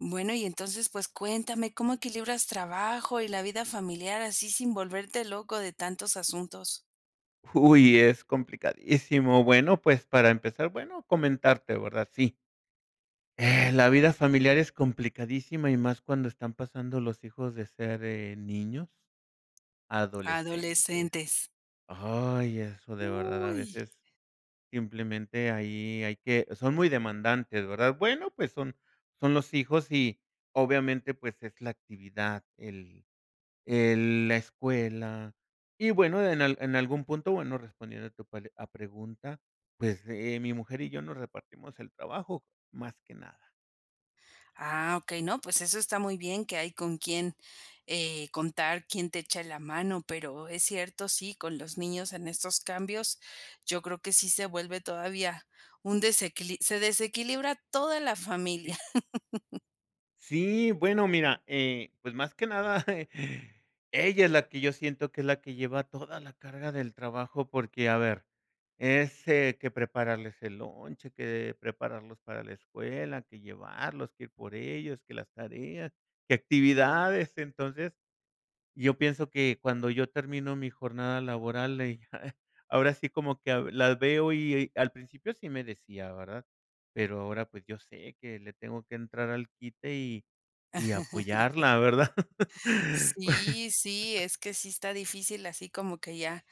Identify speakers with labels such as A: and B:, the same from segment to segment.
A: Bueno, y entonces, pues, cuéntame, ¿cómo equilibras trabajo y la vida familiar así, sin volverte loco de tantos asuntos?
B: Uy, es complicadísimo. Bueno, pues para empezar, bueno, comentarte, ¿verdad? Sí. Eh, la vida familiar es complicadísima y más cuando están pasando los hijos de ser, eh, niños a adolescentes.
A: Adolescentes.
B: Ay, eso de verdad, a
A: Uy.
B: veces, simplemente, ahí hay que son muy demandantes, ¿verdad? Bueno, pues son son los hijos y obviamente, pues es la actividad, el el la escuela y bueno, en al en algún punto, bueno, respondiendo a tu pal a pregunta, pues, eh, mi mujer y yo nos repartimos el trabajo, más que nada.
A: Ah, okey. No, pues, eso está muy bien que hay con quién, eh, contar quién te echa la mano, pero es cierto, sí, con los niños en estos cambios, yo creo que sí se vuelve todavía un desequili se desequilibra toda la familia.
B: Sí. Sí, bueno, mira, eh, pues, más que nada ella es la que, yo siento que es la que lleva toda la carga del trabajo porque, a ver, es, eh, que prepararles el lonche, que prepararlos para la escuela, que llevarlos, que ir por ellos, que las tareas, que actividades. Entonces, yo pienso que, cuando yo termino mi jornada laboral, eh, ahora sí como que, ah, la veo y y, al principio sí me decía, ¿verdad?, pero ahora, pues, yo sé que le tengo que entrar al quite y y apoyarla, ¿verdad?
A: Sí, sí, es que sí está difícil, así como que ya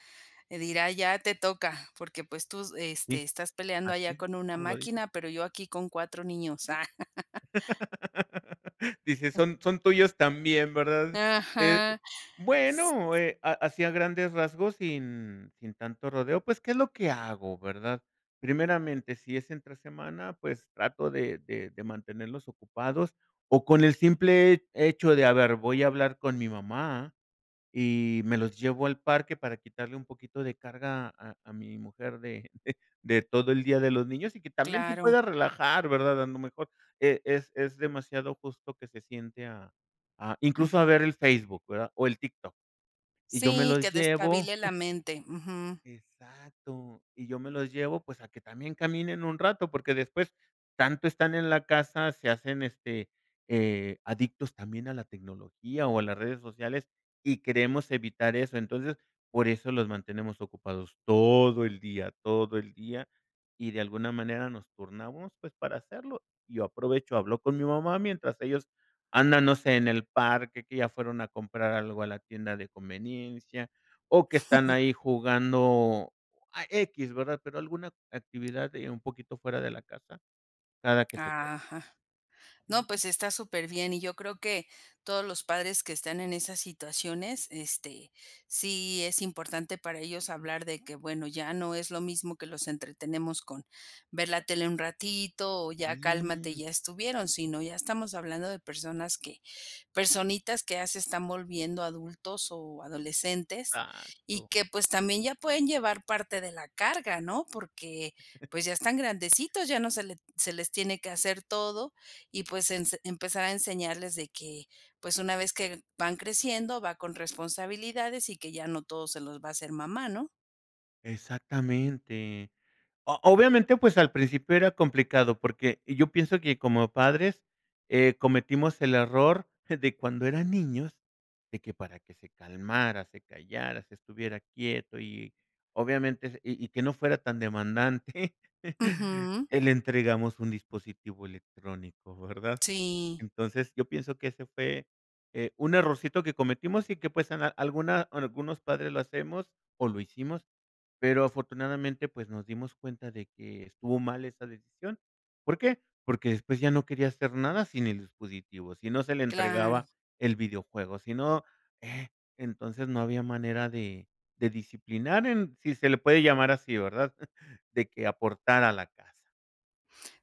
A: dirá: "Ya te toca porque, pues, tú s este,
B: Sí.
A: estás peleando allá
B: Así,
A: con una
B: como lo dices.
A: máquina, pero yo aquí con 4 niños". Ah.
B: Dice: "Son son tuyos también", ¿verdad?, eh,
A: Ajá,
B: bueno, eh, a así a grandes rasgos, sin sin tanto rodeo, pues, ¿qué es lo que hago, verdad? Primeramente, si es entre semana, pues trato de de de mantenerlos ocupados o con el simple he hecho de: "A ver, voy a hablar con mi mamá". Y me los llevo al parque para quitarle un poquito de carga a a mi mujer de de de todo el día de los niños y que también se
A: Claro.
B: pueda relajar, ¿verdad? A lo mejor, eh, es es demasiado, justo que se siente a a, incluso a
A: Ujú.
B: ver el Facebook, ¿verdad?, o el TikTok y yo me
A: Sí,
B: los
A: que
B: llevo
A: despabile la mente, ujú.
B: Exacto, y yo me los llevo, pues, a que también caminen un rato, porque después, tanto están en la casa, se hacen, este, eh, adictos también a la tecnología o a las redes sociales, y queremos evitar eso. Entonces, por eso los mantenemos ocupados todo el día todo el día. Y, de alguna manera, nos turnamos, pues, para hacerlo. Yo aprovecho, hablo con mi mamá, mientras ellos andan, no sé, en el parque, que ya fueron a comprar algo a la tienda de conveniencia o que están ahí jugando a equis, ¿verdad?, pero alguna actividad, eh, un poquito fuera de la casa, cada que se puede.
A: Ajá. No,
B: Ujú.
A: pues, está superbién y yo creo que todos los padres que están en esas situaciones, este, sí es importante, para ellos, hablar de que, bueno, ya no es lo mismo que los entretenemos con ver la tele un ratito o ya cálmate,
B: Sí.
A: ya estuvieron, sino ya estamos hablando de personas que personitas que ya se están volviendo adultos o adolescentes y
B: Exacto.
A: que, pues, también ya pueden llevar parte de la carga, ¿no?, porque, pues, ya están
B: [unintelligible]
A: grandecitos, ya no se le se les tiene que hacer todo y, pues, ense empezar a enseñarles de que, pues, una vez que van creciendo, va con responsabilidades y que ya no todo se los va a hacer mamá, ¿no?
B: Exactamente. O obviamente, pues, al principio era complicado. Porque yo pienso que como padres, eh, cometimos el error de cuando eran niños, de que para que se calmara, se callara, se estuviera quieto, y obviamente, y y que no fuera tan demandante
A: Ujú.
B: le entregamos un dispositivo electrónico, ¿verdad?
A: Sí.
B: Entonces, yo pienso que ese fue, eh, un errorcito que cometimos, y que pues, a alguna algunos padres lo hacemos, o lo hicimos, pero afortunadamente, pues, nos dimos cuenta de que estuvo mal esa decisión. ¿Por qué? Porque después ya no quería hacer nada sin el dispositivo. Si no se le
A: Claro.
B: entregaba el videojuego, si no, eh, entonces, no había manera de de disciplinar en si se le puede llamar así, ¿verdad? De que aportara a la casa.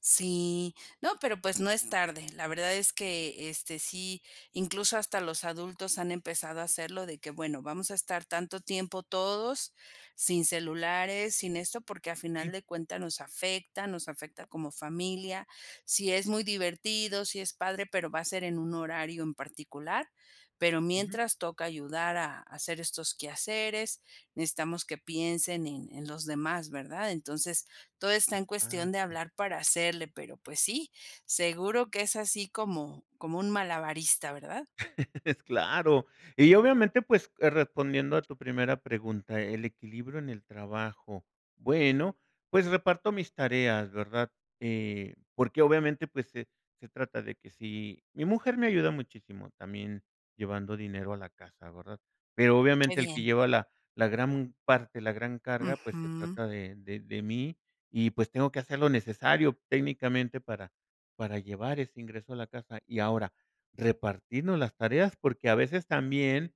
A: Sí, no, pero, pues, no es tarde. La verdad es que este, sí, incluso, hasta los adultos han empezado a hacerlo de que: "Bueno, vamos a estar tanto tiempo todos sin celulares, sin eso, porque al final
B: Sí.
A: de cuentas nos afecta, nos afecta como familia". Sí, es muy divertido, si es padre, pero va a ser en un horario en particular, pero
B: Ujú.
A: mientras toca ayudar a a hacer estos quehaceres, necesitamos que piensen en en los demás, verdad? Entonces, todo está en cuestión de
B: Exacto.
A: hablar para hacerle, pero, pues sí, seguro que es así como como un malabarista, verdad?
B: Claro, y obviamente, pues, eh, respondiendo a tu primera pregunta, el equilibrio en el trabajo. Bueno, pues, reparto mis tareas, ¿verdad? Eh, porque obviamente, pues, se se trata de que si mi mujer me ayuda muchísimo también llevando dinero a la casa, ¿verdad? Pero
A: Qué
B: obviamente el que
A: bien.
B: lleva la la gran parte, la gran carga, pues, se
A: Ujú.
B: trata de de de mí. Y pues, tengo que hacer lo necesario técnicamente para para llevar ese ingreso a la casa, y ahora repartirnos las tareas, porque a veces también,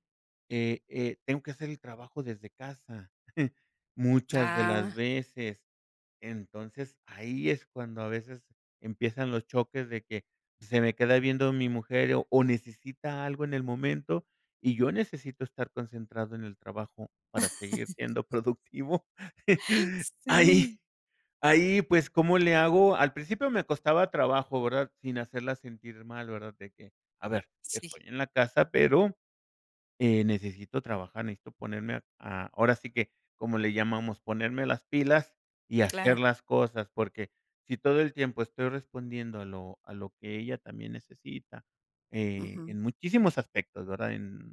B: eh eh, tengo que hacer el trabajo desde casa muchas de las
A: Ah.
B: veces. Entonces, ahí es cuando a veces empiezan los choques de que se me queda viendo mi mujer, o necesita algo en el momento, y yo necesito estar concentrado en el trabajo para seguir siendo productivo, ahí.
A: Sí.
B: Ahí, pues, cómo le hago? Al principio me costaba trabajo, ¿verdad? Sin hacerla sentir mal, ¿verdad? De que a ver,
A: Sí.
B: estoy en la casa, pero eh, necesito trabajar, necesito ponerme a a ahora sí que, como le llamamos, ponerme las pilas y hacer
A: Claro.
B: las cosas, porque si todo el tiempo estoy respondiendo a lo a lo que ella también necesita, eh,
A: Ujú.
B: en muchísimos aspectos, ¿verdad? En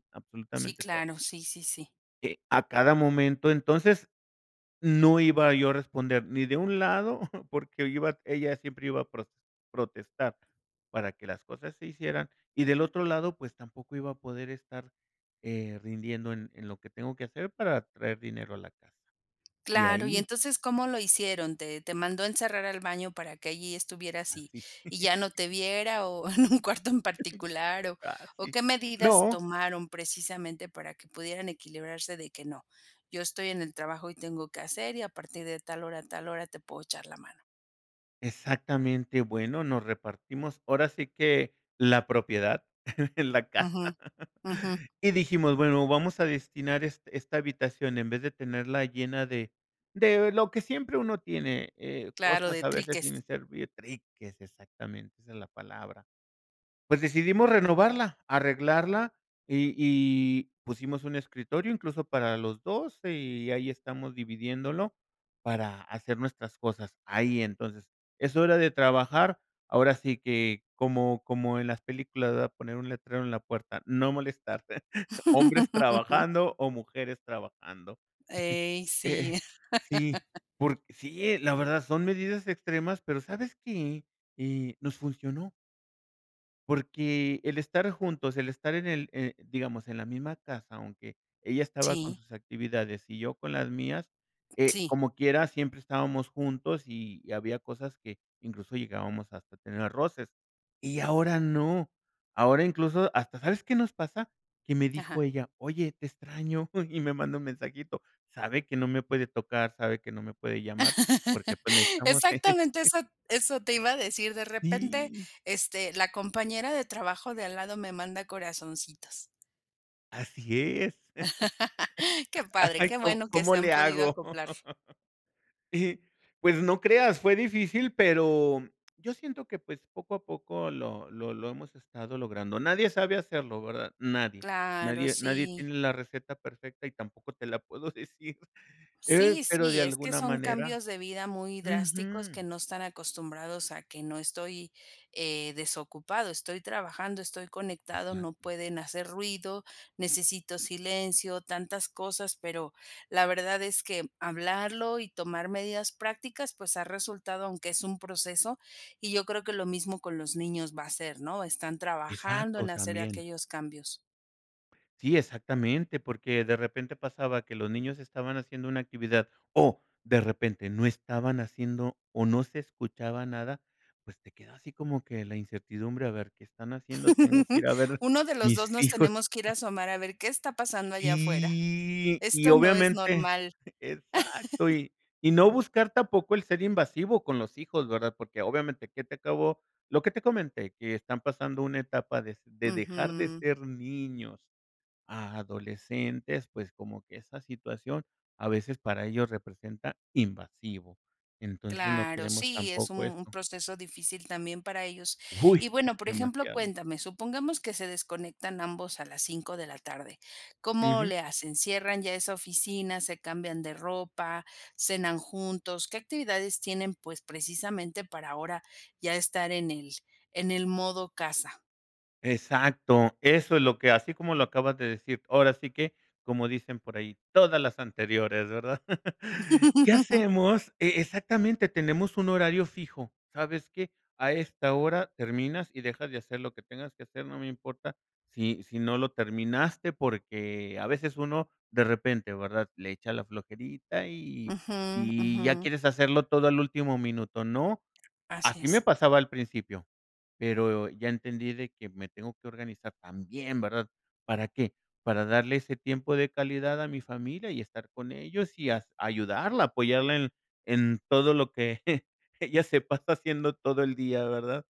A: Sí,
B: absolutamente todo.
A: claro. Sí, sí, sí.
B: Que a cada momento, entonces no iba yo a responder ni de un lado porque iba ella siempre iba a pro protestar para que las cosas se hicieran, y del otro lado, pues tampoco iba a poder estar, eh, rindiendo en en lo que tengo que hacer para traer dinero a la casa y
A: Claro, y
B: ahí
A: entonces, ¿cómo lo hicieron? ¿Te te mandó encerrar al baño para que allí estuvieras y
B: Así.
A: y ya no te viera?, o en un cuarto en particular o o
B: Casi
A: ¿qué medidas
B: no.
A: tomaron? Precisamente para que pudieran equilibrarse de que: "No, yo estoy en el trabajo y tengo que hacer, y a partir de tal hora a tal hora te puedo echar la mano".
B: Exactamente. Bueno, nos repartimos ahora sí que la propiedad en la casa,
A: Ujú. Ujú.
B: y dijimos bueno, vamos a destinar es esta habitación en vez de tenerla llena de de lo que siempre uno tiene, eh,
A: Claro,
B: cosas
A: de
B: a veces
A: triques.
B: sin servir triques, exactamente, esa es la palabra. Pues decidimos renovarla, arreglarla y y pusimos un escritorio incluso para los 2 y ahí estamos dividiéndolo para hacer nuestras cosas, ahí entonces, es hora de trabajar, ahora sí que como como en las películas, ¿verdad?, poner un letrero en la puerta: "No molestar, hombres trabajando o mujeres trabajando".
A: Ey, sí.
B: Eh sí, por sí, la verdad son medidas extremas, pero, ¿sabes qué?, eh, nos funcionó. Porque el estar juntos, el estar en el eh, digamos, en la misma casa, aunque ella estaba con
A: Sí.
B: sus actividades y yo con las mías, eh,
A: Sí.
B: como quieras, siempre estábamos juntos y había cosas que, incluso llegábamos hasta tener roces. Y ahora no. Ahora, incluso hasta, ¿sabes qué nos pasa? Que me
A: Ajá.
B: dijo ella: "Oye, te extraño". Y me manda un mensajito. Sabe que no me puede tocar, sabe que no me puede llamar, porque, pues, necesitamos
A: Exactamente, eso eso te iba a decir. De repente,
B: Sí.
A: este, la compañera de trabajo, de al lado, me manda corazoncitos.
B: Así es.
A: Qué padre.
B: Ay,
A: Qué
B: ¿cómo
A: bueno que
B: cómo
A: se han
B: le
A: podido
B: hago?
A: acoplar.
B: Y, pues, no creas, fue difícil, pero yo siento que, pues, poco a poco lo lo lo hemos estado logrando. Nadie sabe hacerlo, ¿verdad? Nadie
A: Claro,
B: nadie nadie
A: sí.
B: tiene la receta perfecta y tampoco te la puedo decir, eh,
A: Sí,
B: pero de
A: sí, es que
B: alguna
A: son
B: manera
A: cambios de vida muy drásticos, que
B: Ujú.
A: no están acostumbrados a que no estoy, eh, desocupado, estoy trabajando, estoy conectado, no
B: Exacto.
A: pueden hacer ruido, necesito silencio, tantas cosas. Pero la verdad es que hablarlo y tomar medidas prácticas, pues, ha resultado, aunque es un proceso. Y, yo creo que lo mismo con los niños va a ser, ¿no? Están trabajando
B: Exacto,
A: en hacer
B: también.
A: aquellos cambios.
B: Sí, exactamente, porque de repente pasaba que los niños estaban haciendo una actividad, o de repente no estaban haciendo o no se escuchaba nada, pues, te queda así como que la incertidumbre, a ver, ¿qué están haciendo? Tengo que ir a ver
A: Uno de los 2
B: mis
A: nos
B: hijos.
A: tenemos que ir a asomar a ver qué está pasando allá afuera,
B: Sí, y
A: esto no es
B: obviamente
A: normal.
B: Exacto. Y y no buscar tampoco el ser invasivo con los hijos, ¿verdad?, Porque obviamente que te acabo lo que te comenté, que están pasando una etapa de de dejar de
A: Ujú.
B: ser niños a adolescentes, pues, como que esa situación a veces para ellos representa, invasivo, entonces no
A: Claro,
B: queremos
A: sí, es
B: tampoco
A: un
B: eso.
A: proceso difícil también para ellos,
B: ¡Uy!
A: y
B: Es
A: bueno, por ejemplo,
B: demasiado.
A: cuéntame, supongamos que se desconectan ambos a las 5 de la tarde. ¿Cómo
B: Ujú.
A: le hacen? ¿Cierran ya esa oficina, se cambian de ropa, cenan juntos? ¿Qué actividades tienen, pues, precisamente para ahora ya estar en el en el modo casa?
B: Exacto, eso es lo que así como lo acabas de decir, ahora sí que, como dicen por ahí: "Todas las anteriores", ¿verdad? ¿Qué hacemos? E exactamente, tenemos un horario fijo. ¿Sabes qué? A esta hora terminas y dejas de hacer lo que tengas que hacer, no me importa, si si no lo terminaste, porque a veces uno de repente, ¿verdad?, le echa la flojerita, y
A: Ujú
B: y ya
A: ujú.
B: quieres hacerlo todo al último minuto, ¿no?
A: Así
B: Así me
A: es.
B: pasaba al principio, pero ya entendí de que me tengo que organizar también, ¿verdad? ¿Para qué? Para darle ese tiempo de calidad a mi familia y estar con ellos y a ayudarla, apoyarla en en todo lo que ella se pasa haciendo todo el día, ¿verdad?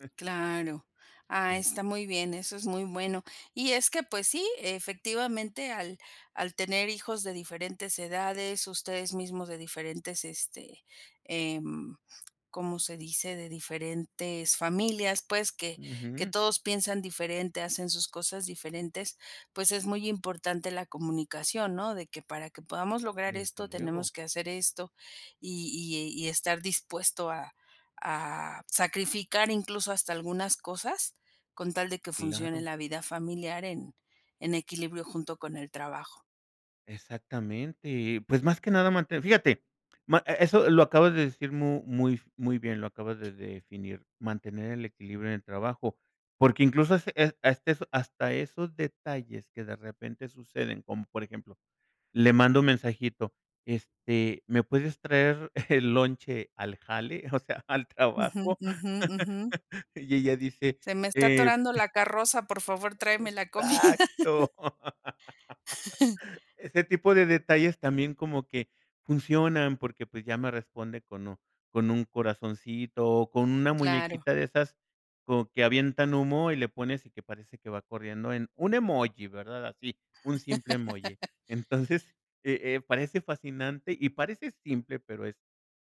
A: Claro, ah,
B: Sí.
A: está muy bien, eso es muy bueno, y es que, pues sí, efectivamente, al al tener hijos de diferentes edades, ustedes mismos de diferentes este, em, ¿como se dice? De diferentes familias, pues, que que
B: Ujú.
A: todos piensan diferente, hacen sus cosas diferentes, pues, es muy importante la comunicación, ¿no?, de que, para que podamos lograr
B: Desde
A: esto tenemos
B: luego.
A: que hacer esto y y y estar dispuesto a a sacrificar incluso hasta algunas cosas, con tal de que funcione
B: Claro.
A: la vida familiar en en equilibrio junto con el trabajo.
B: Exactamente. Pues, más que nada, manten fíjate ma e eso lo acabas de decir mu, muy muy bien, lo acabas de definir, mantener el equilibrio en el trabajo, porque, incluso, ese a este son hasta esos detalles que de repente suceden, como por ejemplo, le mando un mensajito, este: "¿Me puedes traer el lonche al jale, o sea, al
A: Ujú,
B: trabajo?",
A: ujú, ujú.
B: y ella dice.
A: Se me está
B: Eh
A: atorando la carroza por favor, tráeme la comida.
B: Exacto. Ese tipo de detalles también como que funcionan porque pues ya me responde con o, con un corazoncito o con una
A: Claro.
B: muñequita de esas como que avientan humo y le pones, y que parece que va corriendo en un emoji, ¿verdad? Así, un simple emoji. Entonces, eh eh, parece fascinante y parece simple, pero es,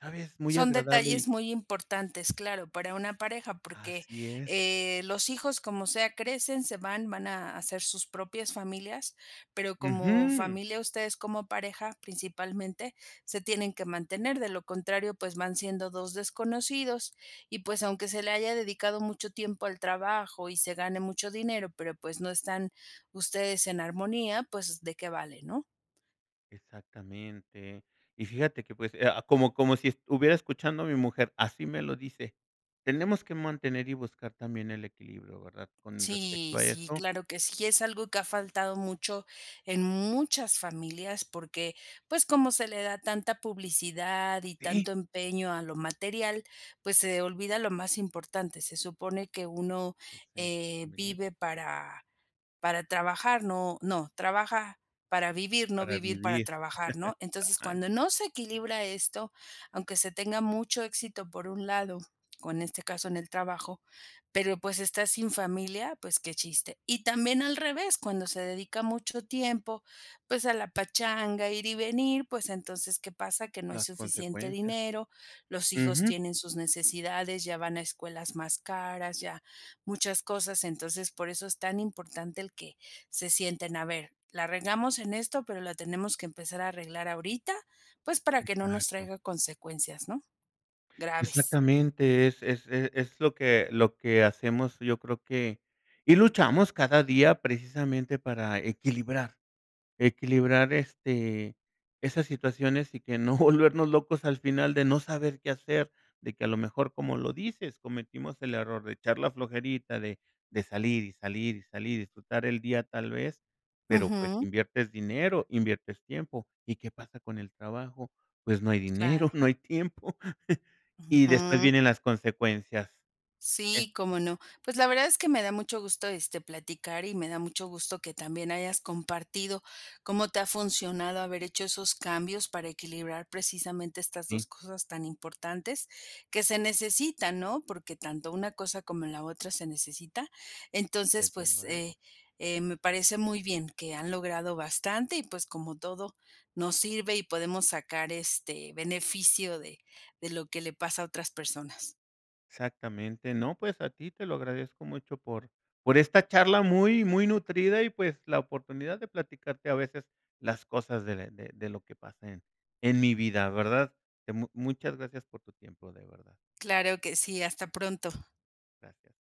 B: ¿sabes?, muy
A: Son
B: agradable y
A: detalles muy importantes, claro, para una pareja, porque,
B: Así es.
A: eh, los hijos, como sea, crecen, se van, van a hacer sus propias familias, pero como
B: Ujú.
A: familia, ustedes como pareja, principalmente se tienen que mantener de lo contrario, pues van siendo 2 desconocidos. Y pues, aunque se le haya dedicado mucho tiempo al trabajo y se gane mucho dinero, pero, pues, no están ustedes en armonía pues de qué vale, ¿no?
B: Exactamente, y fíjate que pues, eh, ah, como como si est hubiera escuchando a mi mujer, así me lo dice. Tenemos que mantener y buscar también el equilibrio, ¿verdad?, con respecto
A: Sí,
B: a
A: sí,
B: eso.
A: claro que sí. Es algo que ha faltado mucho en muchas familias porque, pues, como se le da tanta publicidad y
B: Sí.
A: tanto empeño a lo material, pues se olvida lo más importante. Se supone que uno,
B: Esencia
A: eh,
B: familiar.
A: vive para para trabajar, no No, trabaja para vivir, no
B: Para
A: vivir para
B: vivir,
A: trabajar, ¿no? Entonces, cuando
B: exacto.
A: no se equilibra esto, aunque se tenga mucho éxito por un lado, con este caso en el trabajo, pero, pues, está sin familia. Pues qué chiste, y también al revés, cuando se dedica mucho tiempo, pues a la pachanga ir y venir, pues entonces, ¿qué pasa?, que no hay
B: Las
A: suficiente
B: consecuencias,
A: dinero, los hijos
B: ujú.
A: tienen sus necesidades, ya van a escuelas más caras, ya muchas cosas. Entonces, por eso es tan importante el que, se sienten a ver, "la regamos en esto, pero la tenemos que empezar a arreglar ahorita, pues, para que no nos
B: Exacto.
A: traiga consecuencias, ¿no?, graves".
B: Exactamente, es es e es lo que lo que hacemos. Yo creo que y luchamos cada día precisamente para equilibrar, equilibrar, este, esas situaciones, y que no volvernos locos al final de no saber qué hacer, de que a lo mejor, como lo dices, cometimos el error de echar la flojerita de de salir, y salir, y salir, y disfrutar el día, tal vez, pero, pues,
A: Ujú.
B: inviertes dinero, inviertes tiempo, ¿y qué pasa con el trabajo? Pues, no hay dinero,
A: Claro.
B: no hay tiempo, y después
A: Ujú.
B: vienen las consecuencias. Eh,
A: Sí,
B: sí.
A: cómo no, pues la verdad es que me da mucho gusto, este, platicar y me da mucho gusto que también hayas compartido cómo te ha funcionado haber hecho esos cambios para equilibrar precisamente estas
B: Sí.
A: 2 cosas tan importantes que se necesita, ¿no?, porque tanto una cosa como la otra se necesita. Entonces,
B: Desde
A: pues,
B: luego.
A: eh, eh, me parece muy bien que han logrado bastante, y pues, como todo nos sirve y podemos sacar, este, beneficio de de lo que le pasa a otras personas.
B: Exactamente. No, pues a ti te lo agradezco mucho por por esta charla muy, muy nutrida, y pues, la oportunidad de platicarte a veces las cosas de de de lo que pasa en en mi vida, ¿verdad?, de mu muchas gracias por tu tiempo, de verdad.
A: Claro que sí. Hasta pronto.
B: Gracias.